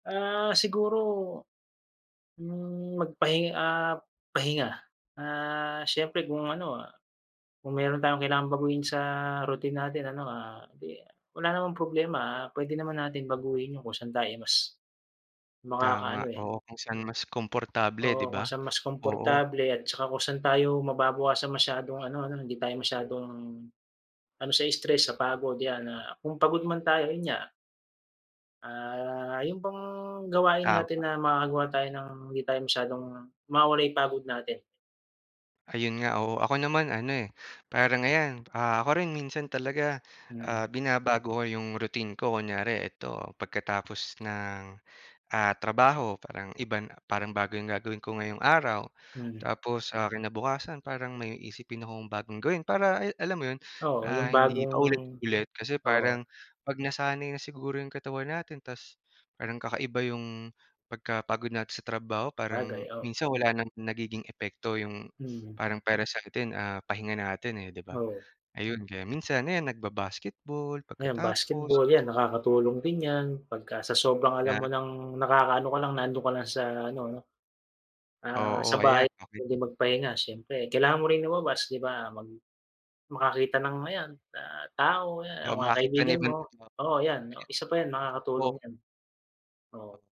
Ah. siguro, hmm, magpahi ah, pahinga. Ah, siyempre kung ano, kung mayro'n tayong kailangan baguhin sa routine natin ano, ah, 'di wala namang problema puwede naman natin baguhin yung kung san tayo mas, Tama, makakaano, eh. oo kung saan mas komportable 'di Oo, kung ba? saan mas Oo. komportable at saka kung saan tayo mababawasan masyadong ano 'no, hindi tayo masyadong ano sa stress sa pagod yan na kung pagod man tayo, yun nga ah, yung bang gawain Tama. natin na makakagawa tayo ng hindi tayo masyadong mawawala yung pagod natin. Ayun nga, oo. Ako naman ano, eh, parang ayan, ah, ako rin minsan talaga, Hmm. ah, binabago ko yung routine ko kunyari ito pagkatapos ng, ah, trabaho parang iba na parang bago yung gagawin ko ngayong araw. Hmm. Tapos sa kinabukasan parang may isipin akong bagong gawin. Para, ay alam mo yun, Oo, yung ah, hindi bagong paulit-ulit kasi oo. parang pag nasanay na siguro yung katawan natin ta's parang kakaiba yung pagkapagod natin sa trabaho Sabagay, parang oo. minsan wala ng nagiging epekto yung Mm. parang para sa 'tin, ah, pahinga natin, eh, di ba? Oo. Ayun kaya minsan ayan nagba-basketball Ayan pagkatapos. basketball, yan nakakatulong din yan pagka sa sobrang alam Yeah. mo ng nakakaano ka lang, nandoon ka lang sa ano 'no. Ah, sa Oo bahay ayan, okey. puwede magpahinga siyempre. Kailangan mo rin lumabas 'di ba, mag makakita ng ayan na tao, ayan O mga makita ng kaibigan ibang mo, tao. oo yan, isa pa yan makakatulong [unintelligible] yan. Oo.